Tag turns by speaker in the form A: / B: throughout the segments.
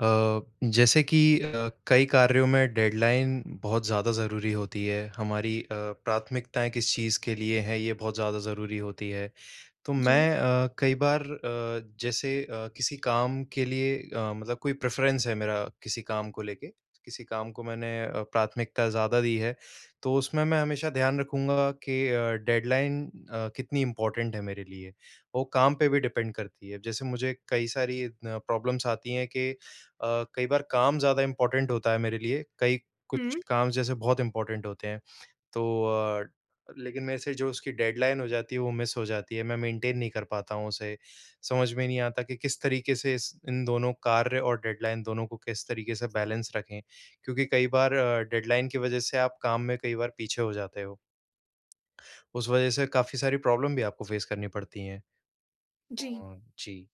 A: अ, जैसे कि अ, कई कार्यों में डेडलाइन बहुत ज़्यादा ज़रूरी होती है, हमारी अ, प्राथमिकताएँ किस चीज़ के लिए हैं, ये बहुत ज़्यादा ज़रूरी होती है। तो मैं
B: जी।
A: अ, कई बार अ, जैसे अ, किसी काम के लिए अ, मतलब कोई प्रेफ़रेंस है मेरा, किसी काम को लेके, किसी काम को मैंने अ, प्राथमिकता ज़्यादा दी है, तो उसमें मैं हमेशा ध्यान रखूँगा कि अ, डेडलाइन अ, कितनी इम्पोर्टेंट है मेरे लिए। वो काम पे भी डिपेंड करती है। अब जैसे मुझे कई सारी अ, प्रॉब्लम्स आती हैं कि अ, कई बार काम ज़्यादा इम्पोर्टेंट होता है मेरे लिए, कई कुछ
B: हुँ।
A: काम जैसे बहुत इम्पोर्टेंट होते हैं, तो अ, लेकिन मेरे से जो उसकी डेडलाइन हो जाती है, वो मिस हो जाती है, मैं मेंटेन नहीं कर पाता हूँ उसे। समझ में नहीं आता कि किस तरीके से इस इन दोनों कार्य और डेडलाइन, दोनों को किस तरीके से बैलेंस रखें? क्योंकि कई बार अ, डेडलाइन की वजह से आप काम में कई बार पीछे हो जाते हो। उस वजह से काफ़ी सारी प्रॉब्लम भी आपको फ़ेस करनी पड़ती हैं।
B: जी।
A: हाँ जी।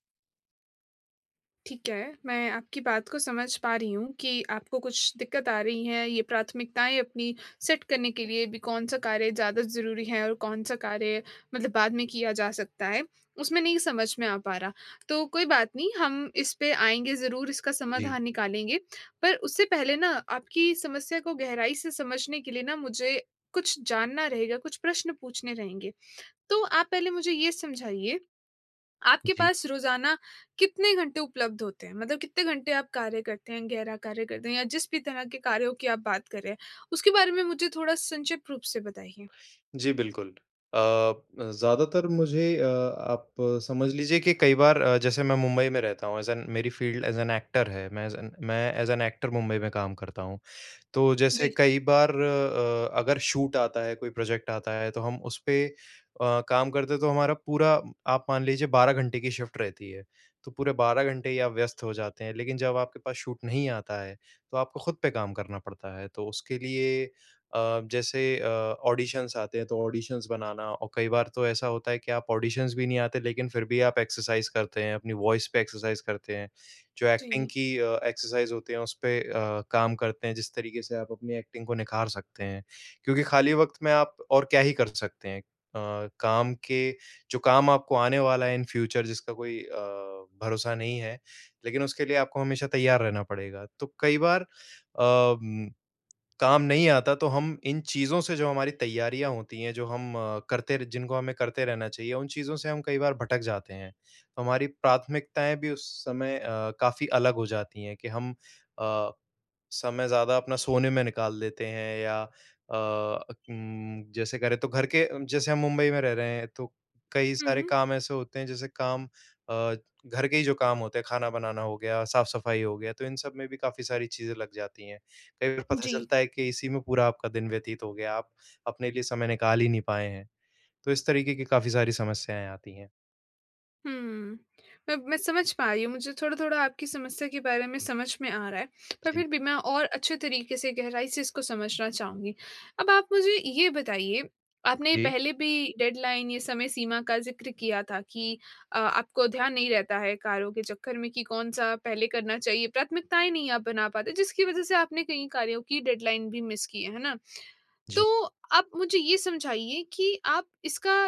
B: ठीक है, मैं आपकी बात को समझ पा रही हूँ कि आपको कुछ दिक्कत आ रही है, ये प्राथमिकताएँ अपनी सेट करने के लिए। अभी कौन-सा कार्य ज़्यादा ज़रूरी है और कौन-सा कार्य मतलब बाद में किया जा सकता है, उसमें नहीं समझ में आ पा रहा। तो कोई बात नहीं, हम इस पे आएँगे ज़रूर, इसका
A: जी।
B: समाधान निकालेंगे। पर उससे पहले ना, आपकी समस्या को गहराई से समझने के लिए ना, मुझे कुछ जानना रहेगा, कुछ प्रश्न पूछने रहेंगे। तो आप पहले मुझे ये समझाइए, आपके
A: जी।
B: पास रोज़ाना कितने घंटे उपलब्ध होते हैं, मतलब कितने घंटे आप कार्य करते हैं, गहरा कार्य करते हैं? या जिस भी तरह के कार्यों की आप बात कर रहे हैं, उसके बारे में मुझे थोड़ा संक्षिप्त रूप से बताइए।
A: जी, बिल्कुल। अ, ज़्यादातर मुझे अ, आप समझ लीजिए कि कई बार अ, जैसे मैं मुंबई में रहता हूँ, ऐज़ एन मेरी फ़ील्ड ऐज़ एन एक्टर है, मैं ऐज़ एन मैं ऐज़ एन एक्टर मुंबई में काम करता हूँ। तो जैसे
B: जी।
A: कई बार अ, अगर शूट आता है, कोई प्रोजेक्ट आता है, तो हम उस पे अ, काम करते हैं, तो हमारा पूरा आप मान लीजिए, 12 घंटे की शिफ़्ट रहती है। तो पूरे 12 घंटे ही आप व्यस्त हो जाते हैं, लेकिन जब आपके पास शूट नहीं आता है, तो आपको खुद पे काम करना पड़ता है। तो उसके लिए अ, जैसे अ, ऑडिशंस आते हैं, तो ऑडिशंस बनाना और कई बार तो ऐसा होता है कि आप ऑडिशंस भी नहीं आते, लेकिन फिर भी भी आप एक्सरसाइज़ करते हैं, अपनी वॉइस पे एक्सरसाइज़ करते हैं। जो एक्टिंग
B: जी।
A: की अ, एक्सरसाइज़ होती है, उस पे अ, काम करते हैं, जिस तरीके से आप अपनी एक्टिंग को निखार सकते हैं। क्योंकि खाली वक़्त में आप और क्या ही कर सकते हैं? अ, काम के जो काम आपको आने वाला है इन फ्यूचर, जिसका कोई अ, भरोसा नहीं है, लेकिन उसके लिए आपको हमेशा तैयार रहना पड़ेगा। तो कई बार अ, उम, काम नहीं आता, तो हम इन चीज़ों से जो हमारी तैयारियाँ होती हैं, जो हम अ, करते र जिनको हमें करते रहना चाहिए, उन चीज़ों से हम कई बार भटक जाते हैं। तो हमारी प्राथमिकताएँ भी उस समय अ, काफ़ी अलग हो जाती है कि हम अ, समय ज़्यादा अपना सोने में निकाल देते हैं या अ, उम, जैसे करें, तो घर के जैसे हम मुंबई में रह रहे हैं, तो कई सारे
B: हुँ।
A: काम ऐसे होते हैं, जैसे काम अ, घर के ही जो काम होते हैं, खाना बनाना हो गया, साफ़-सफाई हो गया, तो इन सब में भी काफ़ी सारी चीज़ें लग जाती हैं। कई बार पता
B: जी।
A: चलता है कि इसी में पूरा आपका दिन व्यतीत हो गया, आप अपने लिए समय निकाल ही नहीं पाए हैं। तो इस तरीके की काफ़ी सारी समस्याएँ आती हैं।
B: हुँ। मैं मैं समझ पा रही हूँ। मुझे थोड़ा-थोड़ा आपकी समस्या के बारे में समझ में आ रहा है। पर
A: जी।
B: फ़िर भी मैं और अच्छे तरीके से, गहराई से इसको समझना चाहूँगी। अब आप मुझे ये बताइए आपने
A: जी।
B: पहले भी डेडलाइन ये समय सीमा का ज़िक्र किया था कि अ, आपको ध्यान नहीं रहता है कार्यों के चक्कर में कि कौन-सा पहले करना चाहिए। प्राथमिकताएँ नहीं आप बना पाते जिसकी वज़ह से आपने कई कार्यों की डेडलाइन भी मिस की है। है ना?
A: जी।
B: तो आप मुझे ये समझाइए कि आप इसका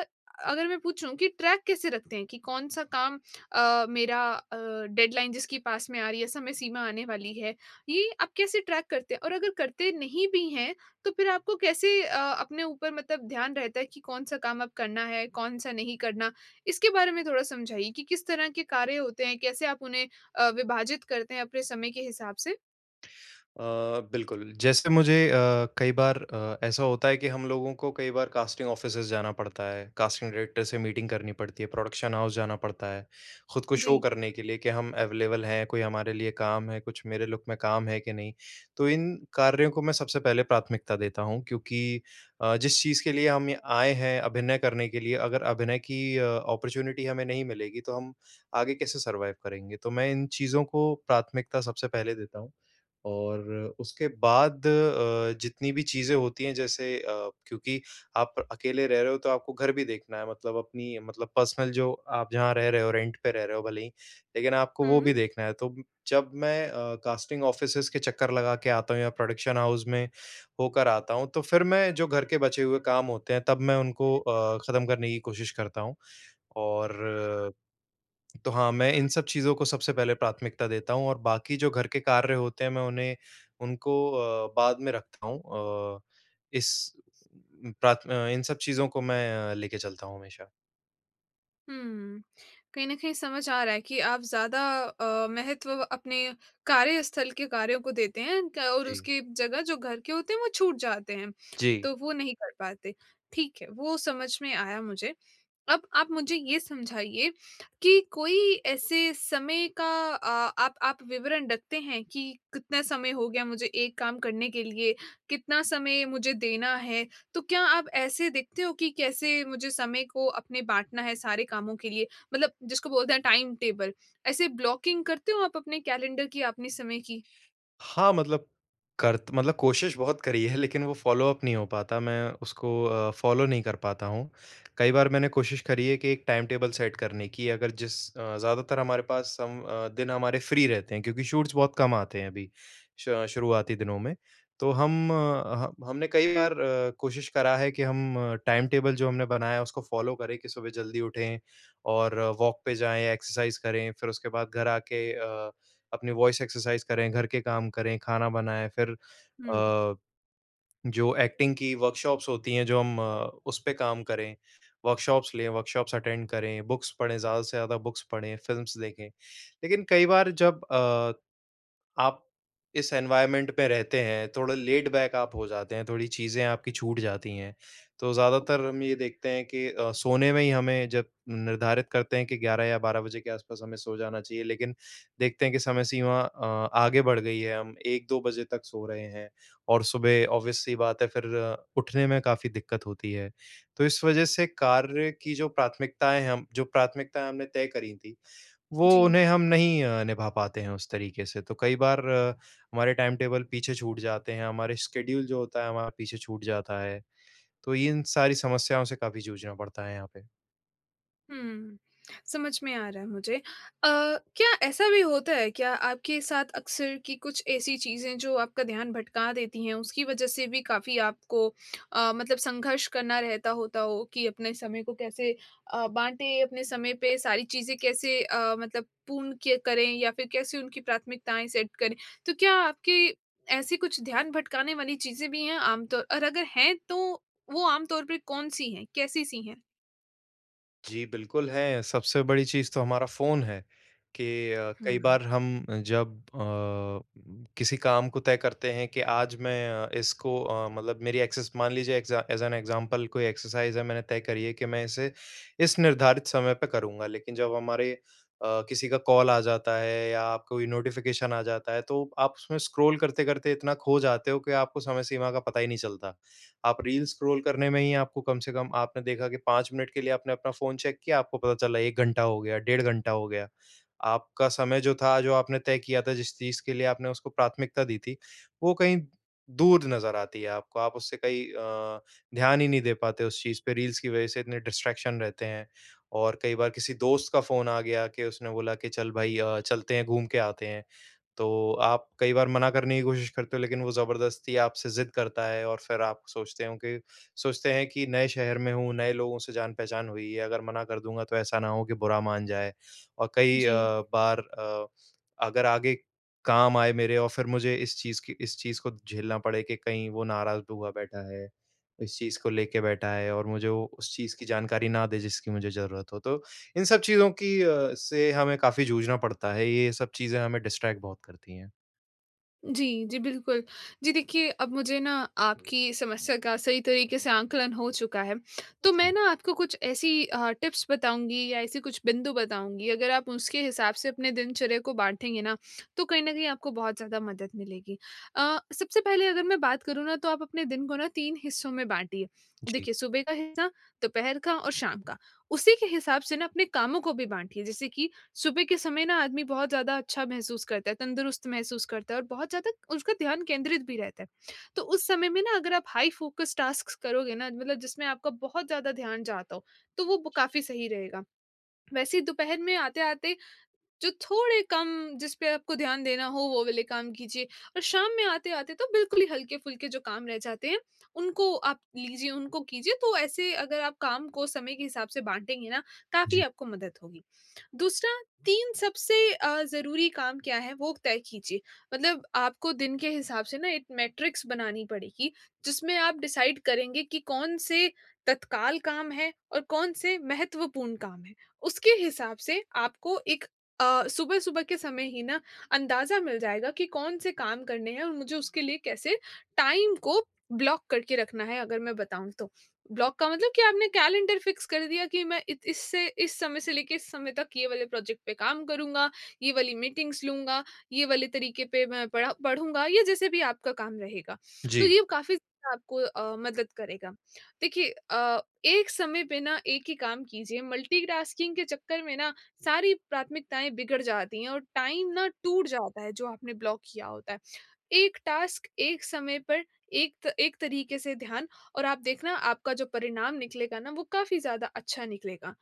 B: अगर मैं पूछूँ कि ट्रैक कैसे रखते हैं? कि कौन-सा काम अ, मेरा अ, डेडलाइन जिसकी पास में आ रही हैं, समय सीमा आने वाली है? ये आप कैसे ट्रैक करते हैं? और अगर करते नहीं भी हैं तो फ़िर आपको कैसे अ, अपने ऊपर मतलब ध्यान रहता है कि कौन-सा काम अब करना है, कौन-सा नहीं करना? इसके बारे में थोड़ा समझाइए कि, किस तरह के कार्य होते हैं, कैसे आप उन्हें अ, विभाजित करते हैं अपने समय के हिसाब से?
A: अ, बिल्कुल, जैसे मुझे अ, कई बार अ, ऐसा होता है कि हम लोगों को कई बार कास्टिंग ऑफ़िसेज़ जाना पड़ता है। कास्टिंग डायरेक्टर से मीटिंग करनी पड़ती है, प्रोडक्शन हाउस जाना पड़ता है। ख़ुद को शो
B: जी।
A: करने के लिए कि हम अवेलेबल हैं कोई हमारे लिए काम है, कुछ मेरे लुक में काम है के नहीं? तो इन कार्यों को मैं सबसे पहले प्राथमिकता देता हूँ क्योंकि अ, जिस चीज़ के लिए हम ये आए हैं, अभिनय करने के लिए अगर अभिनय की अ, ऑपर्च्युनिटी हमें नहीं मिलेगी, तो हम आगे कैसे सरवाइव करेंगे? तो मैं इन चीज़ों को प्राथमिकता सबसे पहले देता हूँ। और उसके बाद अ, जितनी भी चीज़ें होती हैं जैसे अ, क्योंकि आप अकेले रह रहे हो तो आपको घर भी देखना है मतलब अपनी मतलब पर्सनल जो आप जहाँ रह रहे हो, रेंट पे रह रहे हो भले ही। लेकिन आपको वो
B: हुँ।
A: भी देखना है तो जब मैं अ, कास्टिंग ऑफ़िसेज़ के चक्कर लगा के आता हूँ या प्रोडक्शन हाउस में होकर आता हूँ। तो फ़िर मैं जो घर के बचे हुए काम होते हैं तब मैं उनको अ, खत्म करने की कोशिश करता हूँ और तो हाँ, मैं इन सब चीज़ को सबसे पहले प्राथमिकता देता हूँ और बाक़ी जो घर के कार्य होते हैं मैं उन्हें उनको अ, बाद में रखता हूँ। अ, इस प्राथ इन सब चीज़ों को मैं लेके चलता हूँ हमेशा।
B: हुँ, कहीं न कहीं समझ आ रहा है कि आप ज़्यादा अ, महत्व अपने कार्यस्थल के कार्यों को देते हैं क और
A: जी।
B: उसकी जगह जो घर के होते हैं वो छूट जाते हैं,
A: जी।
B: तो वो नहीं कर पाते। ठीक है, वो समझ में आया मुझे। अब आप मुझे ये समझाइए कि कोई ऐसे समय का अ, आप आप विवरण रखते हैं कि कितना समय हो गया मुझे एक काम करने के लिए, कितना समय मुझे देना है? तो क्या आप ऐसे देखते हो कि कैसे मुझे समय को अपने बाँटना है सारे कामों के लिए, मतलब जिसको बोलते हैं टाइम टेबल ऐसे ब्लॉकिंग करते हो आप अपने कैलेंडर की या अपने समय की?
A: हाँ, मतलब करत मतलब कोशिश बहुत करी है लेकिन वो फॉलो अप नहीं हो पाता, मैं उसको अ, फॉलो नहीं कर पाता हूँ। कई बार मैंने कोशिश करी है कि एक टाइम टेबल सेट करने की अगर जिस अ, ज़्यादातर हमारे पास हम अ, दिन हमारे फ्री रहते हैं क्योंकि शूट्स बहुत कम आते हैं अभी श शुरुआती दिनों में। तो हम ह हमने कई बार कोशिश करा है कि हम टाइम टेबल जो हमने बनाया है उसको फॉलो करें कि सुबह जल्दी उठें और वॉक पे जाएँ एक्सरसाइज़ करें फ़िर उसके बाद घर आके अ, अपनी वॉइस एक्सरसाइज़ करें, घर के काम करें, खाना बनाएँ। फ़िर
B: हुँ।
A: अ, जो एक्टिंग की वर्कशॉप्स होती हैं जो हम अ, उस पे काम करें वर्कशॉप्स लें, वर्कशॉप्स अटेंड करें, बुक्स पढ़ें ज़्यादा से ज़्यादा बुक्स पढ़ें फ़िल्म्स देखें। लेकिन कई बार जब अ, आप इस एनवायरनमेंट में रहते हैं थोड़ा लेड बैक आप हो जाते हैं थोड़ी चीज़ें आपकी छूट जाती हैं। तो ज़्यादातर हम ये देखते हैं कि अ, सोने में ही हमें जब निर्धारित करते हैं कि 11 या 12 बजे के आस-पास हमें सो जाना चाहिए। लेकिन देखते हैं कि समय सीमा अ, आगे बढ़ गई है हम 1-2 बजे तक सो रहे हैं और सुबह ऑब्वियस सी बात है फ़िर उठने में काफ़ी दिक्कत होती है। तो इस वजह से कार्य की जो प्राथमिकताएँ हैं, हम जो प्राथमिकताएँ हमने तय करी थी वो
B: जी।
A: उन्हें हम नहीं निभा पाते हैं उस तरीके से। तो कई बार हमारे टाइम टेबल पीछे छूट जाते हैं हमारे स्केड्यूल जो होता है हमारा पीछे छूट जाता है। तो इन सारी समस्याओं से काफ़ी जूझना पड़ता है यहाँ पे।
B: हुँ, समझ में आ रहा है मुझे। अ, क्या ऐसा भी होता है क्या आपके साथ अक्सर कि कुछ ऐसी चीज़ें जो आपका ध्यान भटका देती हैं उसकी वजह से भी काफ़ी आपको अ, मतलब संघर्ष करना रहता होता हो कि अपने समय को कैसे अ, बाँटें? अपने समय पे सारी चीज़ें कैसे अ, मतलब पूर्ण किया करें या फिर कैसे उनकी प्राथमिकताएँ सेट करें? तो क्या आपकी ऐसी कुछ ध्यान भटकाने वाली चीज़ें भी हैं आम तौर और अगर हैं तो वो आम तौर पे कौन-सी हैं? कैसी-सी हैं?
A: जी, बिल्कुल है, सबसे बड़ी चीज़ तो हमारा फ़ोन है कि अ,
B: हुँ,
A: कई
B: हुँ।
A: बार हम जब अ, किसी काम को तय करते हैं कि आज मैं अ, इसको अ, मतलब मेरी एक्सेस मान ली एग्ज़ा एज़ एन एग्जाम्पल कोई एक्सरसाइज है मैंने तय करी है कि मैं इसे इस निर्धारित समय पे करूँगा। लेकिन जब हमारे अ, किसी का कॉल आ जाता है या कोई नोटिफिकेशन आ जाता है। तो आप उसमें स्क्रॉल करते-करते इतना खो जाते हो कि आपको समय सीमा का पता ही नहीं चलता। आप रील स्क्रॉल करने में ही आपको कम से कम आपने देखा कि 5 मिनट के लिए आपने अपना फ़ोन चेक किया आपको पता चला 1 घंटा हो गया, डेढ़ घंटा हो गया। आपका समय जो था जो आपने तय किया था जिस चीज़ के लिए आपने उसको प्राथमिकता दी थी वो कहीं दूर नज़र आती है आपको। आप उससे कहीं अ, ध्यान ही नहीं दे पाते उस चीज़ पे रील्स की वजह से इतने डिस्ट्रैक्शन रहते हैं। और कई बार किसी दोस्त का फ़ोन आ गया कि उसने बोला कि चल भई अ, चलते हैं घूम के आते हैं, तो आप कई बार मना करने की कोशिश करते हो लेकिन वो जबरदस्ती आपसे ज़िद करता है और फिर आप सोचते हों कि सोचते हैं कि नए शहर में हूँ, नए लोगों से जान पहचान हुई है, अगर मना कर दूँगा तो ऐसा ना हो कि बुरा मान जाए। और कई अ,
B: जी।
A: बार अ, अगर आगे काम आए मेरे और फिर मुझे इस चीज़ की इस चीज़ को झेलना पड़े कि कहीं वो नाराज़ हुआ बैठा है। इस चीज़ को लेके बैठा है और मुझे वो उस चीज़ की जानकारी ना दे जिसकी मुझे ज़रूरत हो तो इन सब चीज़ों की अ, से हमें काफ़ी जूझना पड़ता है। ये सब चीज़ें हमें डिस्ट्रैक्ट बहुत करती हैं।
B: जी। जी, बिल्कुल। जी, देखिए, अब मुझे ना, आपकी समस्या का सही तरीके से आकलन हो चुका है। तो मैं
A: जी।
B: ना आपको कुछ ऐसी अ, टिप्स बताऊँगी या ऐसी कुछ बिंदु बताऊँगी, अगर आप उसके हिसाब से अपने दिनचर्या को बाँटेंगे ना, तो कहीं न कहीं आपको बहुत ज़्यादा मदद मिलेगी। अ, सबसे पहले अगर मैं बात करूँ ना, तो आप अपने दिन को ना, 3 हिस्सों में बाँटिए।
A: जी।
B: देखिए, सुबह का हिस्सा, दोपहर का और शाम का। उसी के हिसाब से ना, अपने कामों को भी बाँटिए, जैसे कि सुबह के समय ना, आदमी बहुत ज़्यादा अच्छा महसूस करता है, तंदुरुस्त महसूस करता है और बहुत ज़्यादा उसका ध्यान केंद्रित भी रहता है। तो उस समय में ना अगर आप हाइ फ़ोकस टास्क्स करोगे ना, मतलब जिसमें आपका बहुत ज़्यादा ध्यान जाता हो, तो वो ब काफ़ी सही रहेगा। वैसे ही दोपहर में आते-आते, जो थोड़े कम, जिस पे आपको ध्यान देना हो, वो वाले काम कीजिए और शाम में आते-आते तो बिल्कुल ही हल्के-फुल्के जो काम रह जाते हैं, उनको आप लीजिए, उनको कीजिए। तो ऐसे अगर आप काम को समय के हिसाब से बाँटेंगे ना, काफ़ी
A: जी।
B: आपको मदद होगी। दूसरा, 3 सबसे अ, ज़रूरी काम क्या हैं? वो तय कीजिए। मतलब आपको दिन के हिसाब से ना, एक मैट्रिक्स बनानी पड़ेगी, जिसमें आप डिसाइड करेंगे कि कौन-से तत्काल काम हैं और कौन से महत्वपूर्ण काम हैं। उसके हिसाब से आपको एक अ, सुबह-सुबह के समय ही ना, अंदाज़ा मिल जाएगा कि, कौन से काम करने हैं और मुझे उसके लिए कैसे टाइम को ब्लॉक करके रखना है। अगर मैं बताऊँ तो, ब्लॉक का मतलब कि आपने कैलेंडर फ़िक्स कर दिया कि, "मैं इत इससे इस समय से लेके इस समय तक ये वाले प्रोजेक्ट पे काम करूँगा, ये वाली मीटिंग्स लूँगा, ये वाले तरीके पे मैं पढ़ा पढ़ूँगा।" या जैसे भी आपका काम रहेगा। तो
A: जी।
B: ये काफ़ी ज़्यादा आपको अ, मदद करेगा। देखिए अ, एक समय पे ना, एक ही काम कीजिए, मल्टीटास्किंग के चक्कर में ना, सारी प्राथमिकताएँ बिगड़ जाती हैं और टाइम ना टूट जाता है, जो आपने ब्लॉक किया होता है। एक टास्क एक समय पर एक्त एक तरीके से ध्यान और आप देखना, आपका जो परिणाम निकलेगा ना, वो काफ़ी ज़्यादा अच्छा निकलेगा।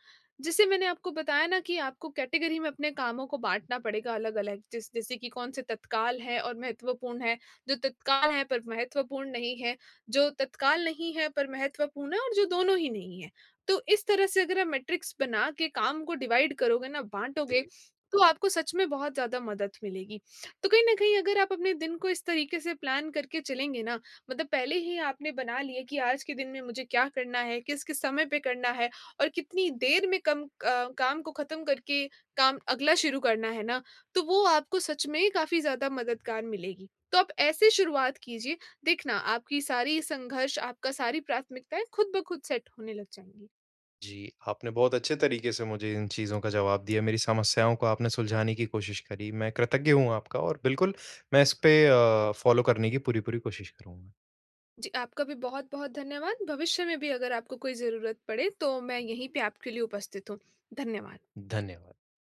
B: जैसे मैंने आपको बताया ना कि आपको कैटेगरी में अपने कामों को बाँटना पड़ेगा अलग-अलग, जैस जैसे कि कौन-से तत्काल हैं और महत्वपूर्ण हैं, जो तत्काल हैं पर महत्वपूर्ण नहीं हैं, जो तत्काल नहीं हैं पर महत्वपूर्ण हैं, और जो दोनों ही नहीं है। तो इस तरह से अगर हम मैट्रिक्स बना के काम को डिवाइड करोगे ना, बाँटोगे,
A: जी।
B: तो आपको सच में बहुत ज़्यादा मदद मिलेगी। तो कहीं न कहीं अगर आप अपने दिन को इस तरीके से प्लान करके चलेंगे ना, मतलब पहले ही आपने बना लिया कि आज के दिन में मुझे क्या करना है, किस-किस समय पे करना है और कितनी देर में कम अ, काम को खत्म करके काम अगला शुरू करना है ना, तो वो आपको सच में ही काफ़ी ज़्यादा मददगार मिलेगी। तो आप ऐसे शुरुआत कीजिए। देखना, आपकी सारी संघर्ष, आपका सारी प्राथमिकताएँ खुद ब खुद सेट होने लग जाएँगी।
A: जी, आपने बहुत अच्छे तरीके से मुझे इन चीज़ों का जवाब दिया, मेरी समस्याओं को आपने सुलझाने की कोशिश करी। मैं कृतज्ञ हूँ आपका और बिल्कुल, मैं इसपे अ, फ़ॉलो करने की पूरी-पूरी कोशिश करूँगा।
B: जी, आपका भी बहुत-बहुत धन्यवाद। भविष्य में भी अगर आपको कोई ज़रूरत पड़े, तो मैं यहीं पे आपके लिए उपस्थित हूँ। धन्यवाद।
A: धन्यवाद।